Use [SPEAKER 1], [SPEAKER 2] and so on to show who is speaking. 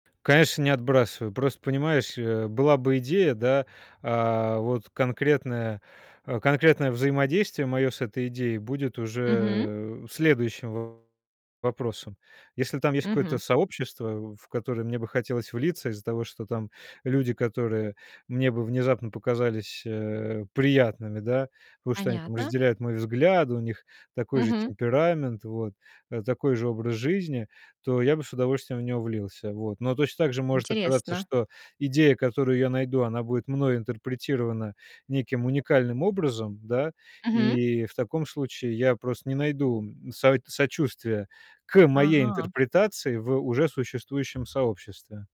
[SPEAKER 1] Конечно, не отбрасываю. Просто, понимаешь, э, была бы идея, да, а, вот конкретная, э, конкретное взаимодействие моё с этой идеей будет
[SPEAKER 2] Мгм.
[SPEAKER 1] уже следующим вопросом. Если там есть какое-то
[SPEAKER 2] Мгм.
[SPEAKER 1] сообщество, в которое мне бы хотелось влиться из-за того, что там люди, которые мне бы внезапно показались, э, приятными, да. Потому что они там
[SPEAKER 2] Понятно.
[SPEAKER 1] разделяют мой взгляд, у них такой же
[SPEAKER 2] Мгм.
[SPEAKER 1] темперамент, вот, да, такой же образ жизни. То я бы с удовольствием в него влился, вот. Но точно так же может оказаться,
[SPEAKER 2] Интересно.
[SPEAKER 1] что идея, которую я найду, она будет мной интерпретирована неким уникальным образом, да,
[SPEAKER 2] Мгм.
[SPEAKER 1] и в таком случае я просто не найду, м, со э, сочувствия к моей
[SPEAKER 2] Ага.
[SPEAKER 1] интерпретации в уже существующем сообществе.